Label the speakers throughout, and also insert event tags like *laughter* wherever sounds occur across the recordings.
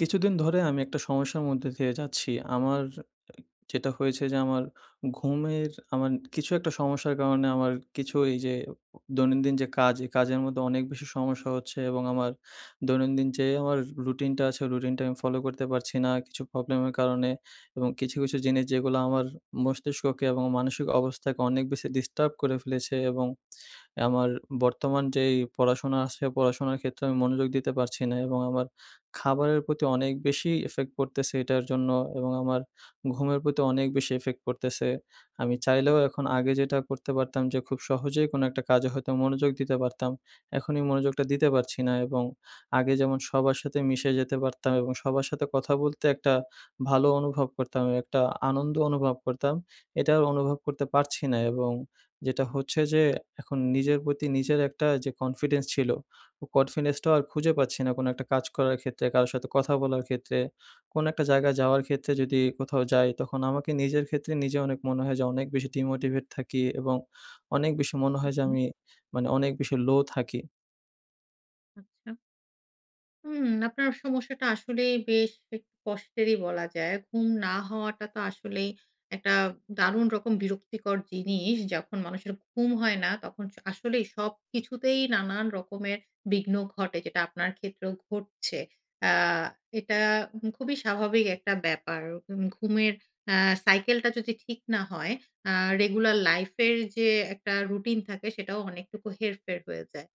Speaker 1: কিছুদিন ধরে আমি একটা সমস্যার মধ্যে দিয়ে যাচ্ছি। আমার এ যেটা হয়েছে যে আমার ঘুমের আমার কিছু একটা সমস্যার কারণে আমার কিছু ঐযে দৈনন্দিন যে কাজ, এই কাজের মধ্যে অনেক বেশি সমস্যা হচ্ছে এবং আমার দৈনন্দিন যে আমার রুটিনটা আছে ওই রুটিনটা আমি ফলো করতে পারছি না কিছু প্রবলেমের কারণে এবং কিছু, কিছু জিনিস যেগুলা আমার মস্তিষ্ককে এবং মানসিক অবস্থাকে অনেক বেশি ডিস্টার্ব করে ফেলেছে। এবং আমার বর্তমান যেই পড়াশোনা আছে, পড়াশোনার ক্ষেত্রে আমি মনোযোগ দিতে পারছি না। এবং আমার খাবারের প্রতি অনেক বেশি effect পড়তেছে এটার জন্য এবং আমার ঘুমের প্রতি অনেক বেশি effect পড়তেছে। আমি চাইলেও এখন আগে যেটা করতে পারতাম যে খুব সহজেই কোনো একটা কাজে হয়তো মনোযোগ দিতে পারতাম। এখন এই মনোযোগটা দিতে পারছি না এবং আগে যেমন সবার সাথে মিশে যেতে পারতাম এবং সবার সাথে কথা বলতে একটা ভালো অনুভব করতাম, একটা আনন্দ অনুভব করতাম। এটাও অনুভব করতে পারছি না এবং যেটা হচ্ছে যে এখন নিজের প্রতি নিজের একটা যে confidence ছিল, ও confidence টাও আর খুঁজে পাচ্ছি না। কোনো একটা কাজ করার ক্ষেত্রে, কারো সাথে কথা বলার ক্ষেত্রে, কোনো একটা জায়গায় যাওয়ার ক্ষেত্রে। যদি কোথাও যাই তখন আমাকে নিজের ক্ষেত্রে নিজে অনেক মনে হয় যে অনেক বেশি demotivate থাকি এবং অনেক বেশি মনে
Speaker 2: হু,
Speaker 1: হয় যে
Speaker 2: হু।
Speaker 1: আমি মানে অনেক বেশি লো থাকি।
Speaker 2: আচ্ছা। হুম, আপনার সমস্যাটা আসলেই বেশ একটু কষ্টেরই বলা যায়। ঘুম না হওয়াটা তো আসলেই একটা দারুণ রকম বিরক্তিকর জিনিস। যখন মানুষের ঘুম হয় না তখন স আসলেই সবকিছুতেই নানান রকমের বিঘ্ন ঘটে। যেটা আপনার ক্ষেত্রেও ঘটছে। অ্যা এটা হু খুবই স্বাভাবিক একটা ব্যাপার। উম ঘুমের অ্যা সাইকেলটা যদি ঠিক না হয় অ্যা রেগুলার লাইফের যে একটা রুটিন থাকে, সেটাও অনেকটুকু হেরফের হয়ে যায়।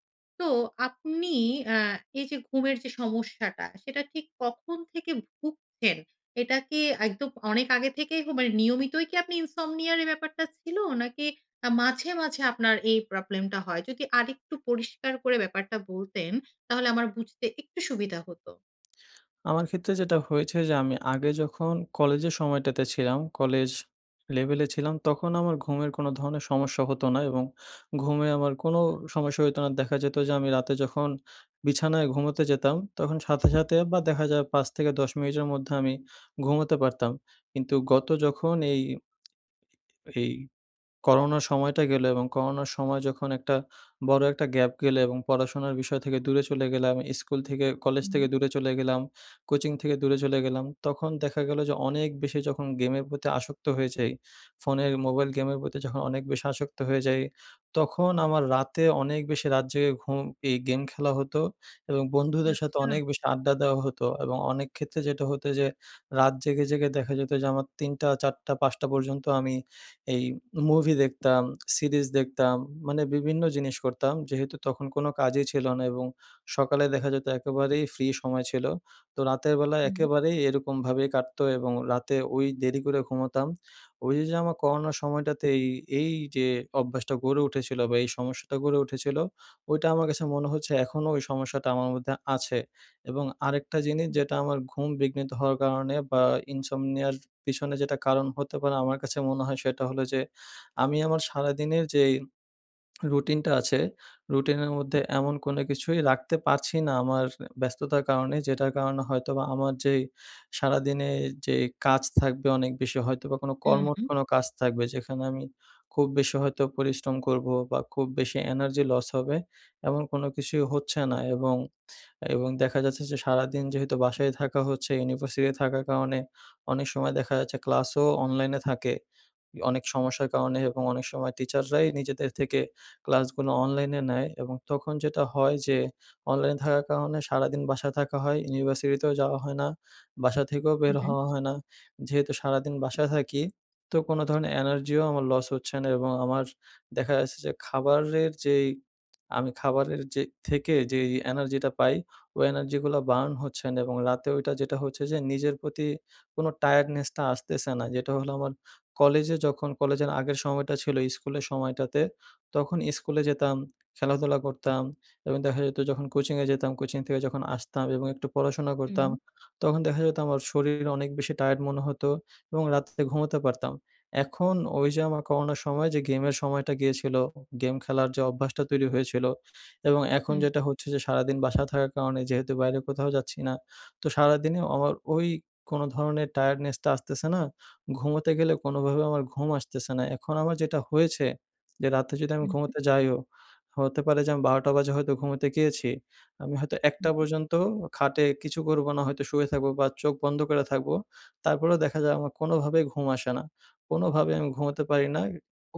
Speaker 2: তো আপনি অ্যা এইযে ঘুমের যে সমস্যাটা সেটা ঠিক কখন থেকে ভুগছেন? এটা কি একদম অনেক আগে থেকেই হ মানে নিয়মিতই কি আপনি ইনসমনিয়া র, এই ব্যাপারটা ছিল? নাকি অ্যা মাঝে, মাঝে আপনার এই প্রবলেমটা হয়? যদি আরেকটু পরিষ্কার করে ব্যাপারটা বলতেন, তাহলে আমার বুঝতে একটু সুবিধা হতো।
Speaker 1: আমার ক্ষেত্রে যেটা হয়েছে যে আমি আগে যখন কলেজের সময়টাতে ছিলাম, কলেজ লেভেলে ছিলাম, তখন আমার ঘুমের কোনো ধরনের সমস্যা হতো না এবং ঘুমে আমার কোনো সমস্যা হইতো না। দেখা যেতো যে, আমি রাতে যখন বিছানায় ঘুমোতে যেতাম, তখন সাথে, সাথে বা দেখা যায় ৫ থেকে ১০ মিনিটের মধ্যে আমি ঘুমোতে পারতাম। কিন্তু গত যখন এই এই করোনার সময়টা গেলো এবং করোনার সময় যখন একটা বড়ো একটা গ্যাপ গেলো এবং পড়াশোনার বিষয় থেকে দূরে চলে গেলাম। ইস্কুল থেকে কলেজ থেকে
Speaker 2: হুম।
Speaker 1: দূরে চলে গেলাম, কোচিং থেকে দূরে চলে গেলাম। তখন দেখা গেলো যে অনেক বেশি যখন গেমের প্রতি আসক্ত হয়ে যাই। ফোনের মোবাইল গেমের প্রতি যখন অনেক বেশি আসক্ত হয়ে যাই, তখন আমার রাতে অনেক বেশি রাত জেগে ঘুম এই গেম খেলা হতো এবং বন্ধুদের সাথে
Speaker 2: আচ্ছা।
Speaker 1: অনেক বেশি আড্ডা দেওয়া হতো। এবং অনেক ক্ষেত্রে যেটা হতো যে রাত জেগে, জেগে দেখা যেতো যে আমার ৩ঃ০০ ৪ঃ০০ ৫ঃ০০ পর্যন্ত আমি এই মুভি দেখতাম, সিরিজ দেখতাম। মানে বিভিন্ন জিনিস করতাম। যেহেতু তখন কোনো কাজই ছিল না এবং সকালে দেখা যেতো একেবারেই ফ্রি সময় ছিলো। তো রাতের বেলা
Speaker 2: হুম।
Speaker 1: একেবারেই এরকমভাবেই কাটতো এবং রাতে ওই দেরি করে ঘুমোতাম। ওইযে, যে আমার করোনার সময়টাতে এই, এইযে অভ্যাসটা গড়ে উঠেছিলো বা এই সমস্যাটা গড়ে উঠেছিলো। ওইটা আমার কাছে মনে হচ্ছে এখনও ওই সমস্যাটা আমার মধ্যে আছে। এবং আরেকটা জিনিস
Speaker 2: আচ্ছা।
Speaker 1: যেটা আমার ঘুম বিঘ্নিত হওয়ার কারণে বা ইনসমনিয়া র পিছনে যেটা কারণ হতে পারে আমার কাছে মনে হয়, সেটা হলো যে আমি আমার সারাদিনের যেই রুটিনটা আছে। রুটিনের মধ্যে এমন কোনো কিছুই রাখতে পারছি না আমার ব্যস্ততার কারণে। যেটার কারণে হয়তোবা আমার যে, সারাদিনে এ যেই কাজ থাকবে অনেক বেশি হয়তোবা কোনো
Speaker 2: হুম,
Speaker 1: কর্মঠ
Speaker 2: হুম।
Speaker 1: কোনো কাজ থাকবে। যেখানে আমি খুব বেশি হয়তো পরিশ্রম করবো বা খুব বেশি এনার্জি লস হবে। এমন কোনো কিছুই হচ্ছে না এবং, এবং দেখা যাচ্ছে যে সারাদিন যেহেতু বাসায় থাকা হচ্ছে, ইউনিভার্সিটিতে থাকার কারণে, অনেক সময় দেখা যাচ্ছে ক্লাসও অনলাইনে থাকে। অনেক সমস্যার কারণে এবং অনেক সময় টিচাররাই নিজেদের থেকে ক্লাসগুলো অনলাইনে নেয়। এবং তখন যেটা হয় যে অনলাইনে থাকার কারণে সারাদিন বাসায় থাকা হয়, ইউনিভার্সিটিতেও যাওয়া হয় না। বাসা থেকেও বের
Speaker 2: হুম, হুম।
Speaker 1: হওয়া হয় না। যেহেতু সারাদিন বাসায় থাকি তো কোনো ধরণের এনার্জিও আমার লস হচ্ছে না এবং আমার দেখা যাচ্ছে যে খাবারের যেই আমি খাবারের যে, থেকে, যেই এনার্জিটা পাই, ওই এনার্জিগুলো বার্ন হচ্ছেনা এবং রাতে ওইটা যেটা হচ্ছে যে নিজের প্রতি কোনো টায়ার্ডনেস টা আসতেছে না। যেটা হলো আমার কলেজে যখন কলেজের আগের সময়টা ছিলো স্কুলের সময়টাতে। তখন স্কুলে যেতাম, খেলাধুলা করতাম এবং দেখা যেতো যখন কোচিংয়ে যেতাম কোচিং থেকে যখন আসতাম এবং একটু পড়াশোনা করতাম।
Speaker 2: হুম।
Speaker 1: তখন দেখা যেতো আমার শরীর অনেক বেশি টায়ার্ড মনে হতো এবং রাত্রে ঘুমোতে পারতাম। এখন ওইযে আমার করোনার সময় যে গেমের সময়টা গিয়েছিলো, উ গেম খেলার যে অভ্যাসটা তৈরি হয়েছিলো এবং এখন
Speaker 2: হুম।
Speaker 1: যেটা হচ্ছে যে, সারাদিন বাসায় থাকার কারণে যেহেতু বাইরে কোথাও যাচ্ছি না। তো সারাদিনে আমার ওই কোনো ধরনের টায়ার্ডনেস টা আসতেছে না। ঘুমোতে গেলে কোনোভাবে আমার ঘুম আসতেছে না। এখন আমার যেটা হয়েছে যে, রাতে যদি আমি
Speaker 2: হুম, হুম।
Speaker 1: ঘুমোতে যাইও, হতে পারে যে আমি ১২ঃ০০ টা বাজে হয়তো ঘুমোতে গিয়েছি। আমি হয়তো
Speaker 2: হুম,
Speaker 1: ১ঃ০০
Speaker 2: হুম।
Speaker 1: পর্যন্ত অ খাটে কিছু করবো না হয়তো শুয়ে থাকবো বা চোখ বন্ধ করে থাকবো। তারপরেও দেখা যায় আমার কোনোভাবেই ঘুম আসে না। কোনোভাবে আমি ঘুমোতে পারি না।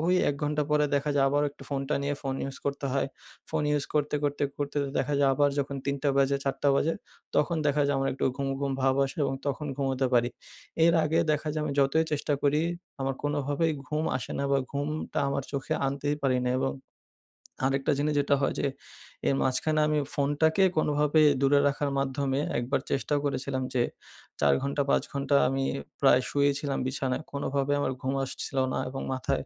Speaker 1: ওই ১ ঘণ্টা পরে দেখা যায় আবারও একটু ফোনটা নিয়ে ফোন ইউজ করতে হয়। ফোন ইউজ করতে, করতে, করতে দেখা যায় আবার যখন ৩ঃ০০ বাজে, ৪ঃ০০ বাজে তখন দেখা যায় আমার একটু ঘুম, ঘুম ভাব আসে এবং তখন ঘুমোতে পারি। এর আগে দেখা যায় আমি যতই চেষ্টা করি আমার কোনোভাবেই ঘুম আসে না বা ঘুমটা আমার চোখে আনতেই পারি না। এবং আরেকটা জিনিস যেটা হয় যে, এর মাঝখানে আমি ফোনটাকে কোনোভাবে দূরে রাখার মাধ্যমে একবার চেষ্টাও করেছিলাম যে, ৪ ঘন্টা, ৫ ঘন্টা আমি প্রায় শুয়েইছিলাম বিছানায়। কোনোভাবে আমার ঘুম আসছিলো না। এবং মাথায়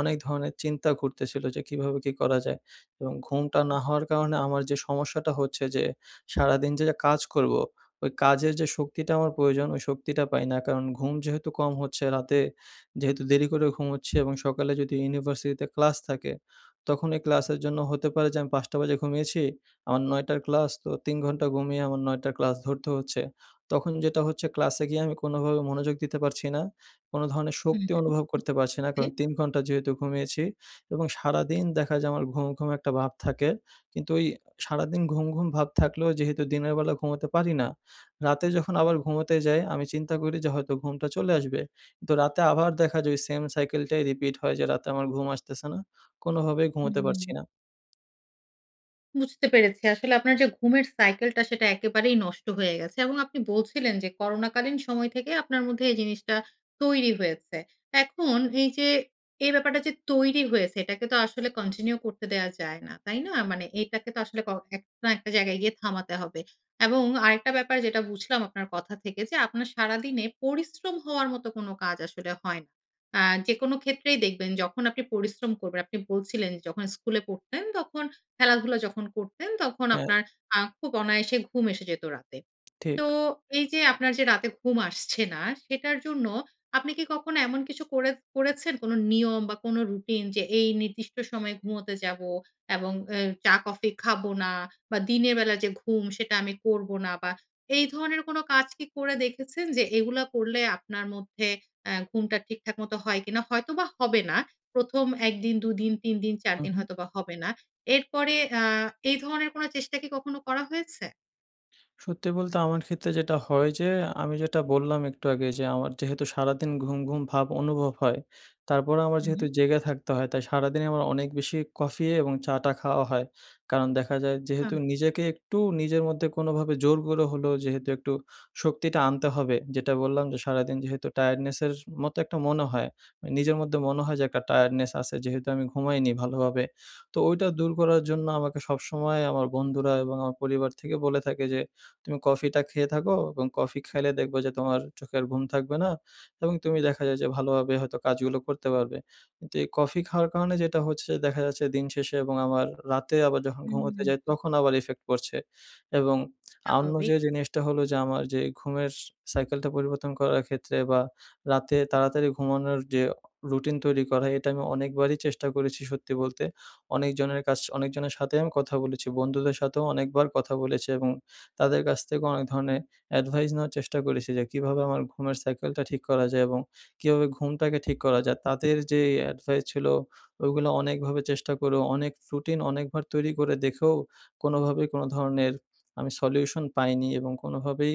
Speaker 1: অনেক ধরনের চিন্তা ঘুরতেছিলো। যে কীভাবে কি করা যায়? এবং ঘুমটা না
Speaker 2: আচ্ছা।
Speaker 1: হওয়ার কারণে আমার যে সমস্যাটা হচ্ছে যে, সারাদিন যে কাজ করবো, ওই কাজের যে শক্তিটা আমার প্রয়োজন ওই শক্তিটা পাই না। কারণ ঘুম যেহেতু কম হচ্ছে, রাতে যেহেতু দেরি করে ঘুমোচ্ছি এবং সকালে যদি ইউনিভার্সিটিতে ক্লাস থাকে, তখনই ক্লাসের জন্য হতে পারে যে আমি ৫ঃ০০ বাজে ঘুমিয়েছি, আমার ৯ঃ০০ র ক্লাস। তো ৩ ঘণ্টা ঘুমিয়ে আমার ৯ঃ০০ র ক্লাস ধরতে হচ্ছে। তখন যেটা হচ্ছে ক্লাসে গিয়ে আমি কোনোভাবে মনোযোগ দিতে পারছি না। কোনো ধরনের
Speaker 2: হুম।
Speaker 1: শক্তি অনুভব করতে পারছি না। কারণ
Speaker 2: *unintelligible*
Speaker 1: ৩ ঘণ্টা যেহেতু ঘুমিয়েছি এবং সারাদিন দেখা যায় আমার ঘুম, ঘুম একটা ভাব থাকে। কিন্তু ঐ সারাদিন ঘুম, ঘুম ভাব থাকলেও যেহেতু দিনের বেলা ঘুমোতে পারি না। রাতে যখন আবার ঘুমোতে যাই, আমি চিন্তা করি যে হয়তো ঘুমটা চলে আসবে। তো রাতে আবার দেখা যায় ওই সেইম সাইকেলটাই রিপিট হয় যে রাতে আমার ঘুম আসতেছে না। কোনোভাবেই ঘুমোতে
Speaker 2: হুম।
Speaker 1: পারছি না।
Speaker 2: বুঝতে পেরেছি। আসলে আপনার যে ঘুমের সাইকেলটা, সেটা একেবারেই নষ্ট হয়ে গেছে। এবং আপনি বলছিলেন যে করোনাকালীন সময় থেকে আপনার মধ্যে এই জিনিসটা তৈরি হয়েছে। এখন এইযে এই ব্যাপারটা যে তৈরি হয়েছে, এটাকে তো আসলে continue করতে দেয়া যায় না। তাই না? মানে এটাকে তো আসলে ক এক না একটা জায়গায় গিয়ে থামাতে হবে। এবং আরেকটা ব্যাপার যেটা বুঝলাম আপনার কথা থেকে যে, আপনার সারাদিনে পরিশ্রম হওয়ার মতো কোনো কাজ আসলে হয় না। অ্যা যেকোন ক্ষেত্রেই দেখবেন যখন আপনি পরিশ্রম করবেন, আপনি বলছিলেন, "যখন স্কুলে পড়তেন, তখন খেলাধুলা যখন করতেন, তখন
Speaker 1: হ্যাঁ।
Speaker 2: আপনার আ খুব অনায়াসে ঘুম এসে যেত রাতে।" তো
Speaker 1: ঠিক।
Speaker 2: এইযে আপনার যে রাতে ঘুম আসছে না, সেটার জন্য আপনি কি কখনো এমন কিছু করে করেছেন? কোন নিয়ম বা, কোন রুটিন? যে এই নির্দিষ্ট সময়ে ঘুমোতে যাব এবং অ্যা চা কফি খাবো না বা, দিনের বেলা যে ঘুম, সেটা আমি করবো না বা, এই ধরনের কোন কাজ কি করে দেখেছেন? যে এগুলা করলে আপনার মধ্যে অ্যা ঘুমটা ঠিকঠাক মতো হয় কি না? হয়তোবা হবে না। ১ম ১ দিন, ২ দিন, ৩ দিন, ৪
Speaker 1: হু,
Speaker 2: দিন
Speaker 1: হুম।
Speaker 2: হয়তোবা হবে না। এরপরে অ্যা এই ধরনের কোনো চেষ্টা কি কখনো করা হয়েছে?
Speaker 1: সত্যি বলতে আমার ক্ষেত্রে যেটা হয় যে, আমি যেটা বললাম একটু আগে যে, আমার যেহেতু সারাদিন ঘুম, ঘুম ভাব অনুভব হয়। তারপরেও আমার
Speaker 2: হু, হু।
Speaker 1: যেহেতু জেগে থাকতে হয়। তাই সারাদিনই আমার অনেক বেশি কফি এবং চা টা খাওয়া হয়। কারণ দেখা যায় যেহেতু
Speaker 2: আচ্ছা।
Speaker 1: নিজেকে একটু নিজের মধ্যে কোনোভাবে জোর করে হলেও, যেহেতু একটু শক্তিটা আনতে হবে। যেটা বললাম যে সারাদিন যেহেতু টায়ার্ডনেসের এস মতো একটা মনে হয়। নিজের মধ্যে মনে হয় যে একটা টায়ার্ডনেস আছে যেহেতু আমি ঘুমাইনি ভালোভাবে। তো ওইটা দূর করার জন্য আমাকে সবসময় আমার বন্ধুরা এবং আমার পরিবার থেকে বলে থাকে যে, "তুমি কফিটা খেয়ে থাকো এবং কফি খাইলে দেখবা যে তোমার চোখের ঘুম থাকবে না এবং তুমি দেখা যায় যে ভালোভাবে হয়তো কাজগুলো করতে পারবে।" কিন্তু এই কফি খাওয়ার কারণে যেটা হচ্ছে দেখা যাচ্ছে দিন শেষে এবং আমার রাতে আবার যখন ঘুমোতে যাই
Speaker 2: হুম।
Speaker 1: তখন আবার effect পড়ছে এবং অন্য
Speaker 2: হবে।
Speaker 1: যে জিনিসটা হল যে, আমার যে ঘুমের সাইকেলটা পরিবর্তন করার ক্ষেত্রে বা, রাতে তাড়াতাড়ি ঘুমানোর যে আ রুটিন তৈরি করা, এটা আমি অনেকবারই চেষ্টা করেছি, সত্যি বলতে। অনেকজনের কাছ অনেকজনের সাথেই আমি কথা বলেছি। বন্ধুদের সাথেও অনেকবার কথা বলেছি এবং তাদের কাছ থেকেও অনেক ধরনের advice নেওয়ার চেষ্টা করেছি। যে কীভাবে আমার ঘুমের সাইকেলটা ঠিক করা যায়? এবং কীভাবে ঘুমটাকে ঠিক করা যায়। তাদের যে advice ছিল, ওইগুলো অনেকভাবে চেষ্টা করেও, অনেক রুটিন অনেকবার তৈরি করে দেখেও, কোনোভাবে কোনো ধরনের আমি সলিউশন পাইনি এবং কোনোভাবেই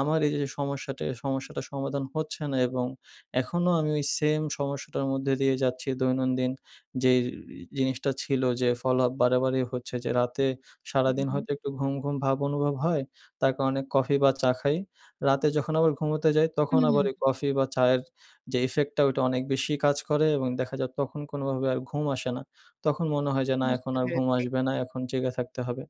Speaker 1: আমার এইযে সমস্যাটা, সমস্যাটার সমাধান হচ্ছে না এবং এখনও আমি ওই সেম সমস্যাটার মধ্যে দিয়ে যাচ্ছি। দৈনন্দিন যেই ই জিনিসটা ছিল যে, follow-up বারেবারেই হচ্ছে যে, রাতে
Speaker 2: হু,
Speaker 1: সারাদিন
Speaker 2: হু।
Speaker 1: হয়তো একটু ঘুম, ঘুম ভাব অনুভব হয়। তার কারনে কফি বা, চা খাই। রাতে যখন আবার ঘুমোতে যাই,
Speaker 2: হু,
Speaker 1: তখন
Speaker 2: হু।
Speaker 1: আবার ওই কফি বা, চায়ের যে effect টা, ওটা অনেক বেশি কাজ করে এবং দেখা যায় তখন কোনোভাবে আর ঘুম আসে না। তখন মনে হয় যে, না, এখন
Speaker 2: বুঝতে
Speaker 1: আর ঘুম
Speaker 2: পেরেছি।
Speaker 1: আসবে না, এখন জেগে থাকতে হবে।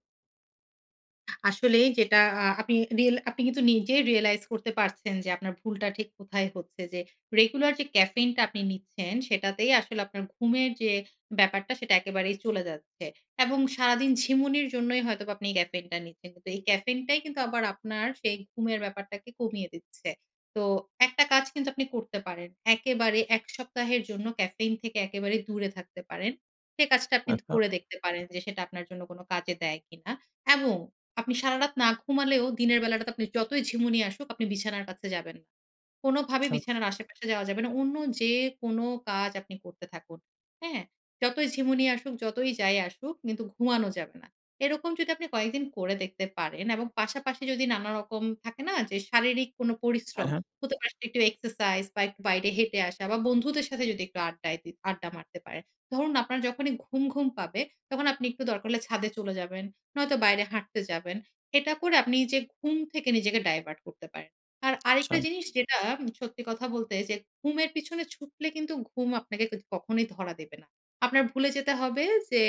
Speaker 2: আসলেই যেটা আ আপনি রিল আপনি কিন্তু নিজেই রিয়ালাইজ করতে পারছেন যে আপনার ভুলটা ঠিক কোথায় হচ্ছে যে regular যে caffeine টা আপনি নিচ্ছেন সেটাতেই আসলে আপনার ঘুমের যে ব্যাপারটা সেটা একেবারেই চলে যাচ্ছে এবং সারাদিন ঝিমুনির জন্যই হয়তোবা আপনি caffeine টা নিচ্ছেন। কিন্তু এই caffeine টাই কিন্তু আবার আপনার সেই ঘুমের ব্যাপারটাকে কমিয়ে দিচ্ছে। তো একটা কাজ কিন্তু আপনি করতে পারেন। একেবারে ১ সপ্তাহের জন্য caffeine থেকে একেবারে দূরে থাকতে পারেন। সে কাজটা আপনি
Speaker 1: আচ্ছা।
Speaker 2: ধরে দেখতে পারেন যে সেটা আপনার জন্য কোন কাজে দেয় কি না? এবং আপনি সারারাত না ঘুমালেও দিনের বেলাটাতে আপনি যতই ঝিমুনি নিয়ে আসুক আপনি বিছানার কাছে যাবেন না।
Speaker 1: *smacks lips*
Speaker 2: কোনভাবে
Speaker 1: আচ্ছা।
Speaker 2: বিছানার আশেপাশে যাওয়া যাবে না। অন্য যে কোন কাজ আপনি করতে থাকুন। হ্যাঁ? যতই ঝিমুনি আসুক, যতই যাই আসুক কিন্তু ঘুমানো যাবে না। এরকম যদি আপনি কয়েকদিন করে দেখতে পারেন এবং পাশাপাশি যদি নানা রকম থাকে না যে, শারীরিক কোনো
Speaker 1: হ্যাঁ
Speaker 2: পরিশ্রম।
Speaker 1: হ্যাঁ।
Speaker 2: হতে পারে একটু exercise বা একটু বাইরে হেঁটে আসা বা বন্ধুদের সাথে যদি একটু আড্ডায় দি আড্ডা মারতে পারেন। ধরুন আপনার যখনই ঘুম, ঘুম পাবে তখন আপনি একটু দরকার হলে ছাদে চলে যাবেন, নয়তো বাইরে হাঁটতে যাবেন। এটা করে আপনি যে ঘুম থেকে নিজেকে divert করতে পারেন। আর আরেকটা
Speaker 1: আচ্ছা।
Speaker 2: জিনিস যেটা সত্যি কথা বলতে যে ঘুমের পিছনে ছুটলে কিন্তু ঘুম আপনাকে কিন্তু কখনোই ধরা দেবে না। আপনার ভুলে যেতে হবে যে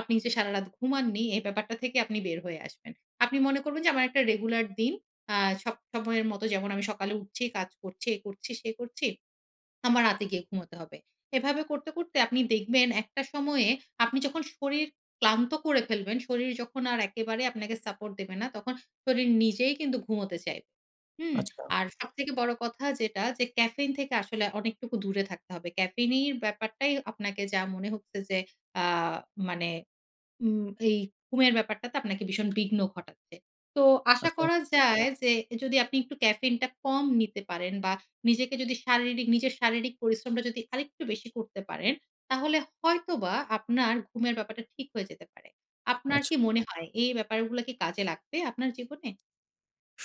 Speaker 2: আপনি যে সারারাত ঘুমাননি এই ব্যাপারটা থেকে আপনি বের হয়ে আসবেন। আপনি মনে করবেন যে, "আমার একটা regular দিন আ সব সময়ের মতো যেমন আমি সকালে উঠছি, কাজ করছি, এই করছি, সেই করছি। আমার রাতে গিয়ে ঘুমুতে হবে।" এভাবে করতে, করতে আপনি দেখবেন একটা সময়ে আপনি যখন শরীর ক্লান্ত করে ফেলবেন, শরীর যখন আর একেবারে আপনাকে support দেবে না তখন শরীর নিজেই কিন্তু ঘুমোতে চাইবে। হুম?
Speaker 1: আচ্ছা।
Speaker 2: আর সবথেকে বড় কথা যেটা যে, caffeine থেকে আসলে অনেকটুকু দূরে থাকতে হবে। Caffeine এর ব্যাপারটাই আপনাকে যা মনে হচ্ছে যে অ্যা মানে উম এই ঘুমের ব্যাপারটাতে আপনাকে ভীষণ বিঘ্ন ঘটাচ্ছে। তো আশা
Speaker 1: আচ্ছা।
Speaker 2: করা যায় যে যদি আপনি একটু caffeine টা কম নিতে পারেন বা নিজেকে যদি শারীরিক নিজের শারীরিক পরিশ্রমটা যদি আরেকটু বেশি করতে পারেন, তাহলে হয়তোবা আপনার ঘুমের ব্যাপারটা ঠিক হয়ে যেতে পারে। আপনার
Speaker 1: আচ্ছা।
Speaker 2: কি মনে হয় এই ব্যাপারগুলো কি কাজে লাগবে আপনার জীবনে?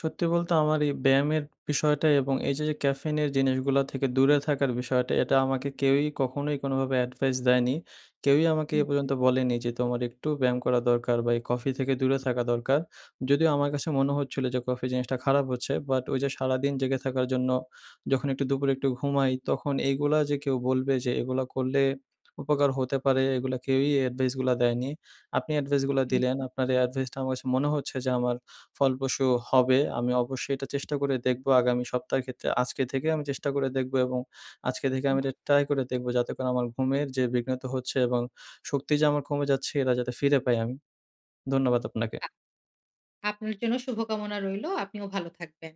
Speaker 1: সত্যি বলতে আমার এই ব্যায়ামের বিষয়টা এবং এই যে, যে caffeine এর জিনিসগুলো থেকে দূরে থাকার বিষয়টা এটা আমাকে কেউই কখনোই কোনোভাবে advice দেয়নি। কেউই আমাকে এ
Speaker 2: হুম, হুম।
Speaker 1: পর্যন্ত বলেনি যে, "তোমার একটু ব্যায়াম করা দরকার বা এই Coffee থেকে দূরে থাকা দরকার।" যদিও আমার কাছে মনে হচ্ছিলো যে coffee জিনিসটা খারাপ হচ্ছে but ওই যে সারাদিন জেগে থাকার জন্য যখন একটু দুপুরে একটু ঘুমাই তখন এইগুলা যে কেউ বলবে যে এগুলো করলে উপকার হতে পারে, এগুলো কেউই advice গুলো দেয়নি। আপনি advice গুলো
Speaker 2: হুম,
Speaker 1: দিলেন
Speaker 2: হুম।
Speaker 1: আপনার এই advice টা আমার কাছে মনে হচ্ছে যে আমার ফলপ্রসূ হবে। আমি অবশ্যই এটা চেষ্টা করে দেখবো আগামী সপ্তাহের ক্ষেত্রে, আজকে থেকে আমি চেষ্টা করে দেখব এবং আজকে থেকে আমি
Speaker 2: বাহ!
Speaker 1: এটা try করে দেখবো যাতে করে আমার ঘুমের যে বিঘ্নিত হচ্ছে এবং শক্তি যে আমার কমে যাচ্ছে এরা যাতে ফিরে পাই আমি। ধন্যবাদ আপনাকে।
Speaker 2: বাহ! আপনার জন্য শুভকামনা রইলো। আপনিও ভালো থাকবেন।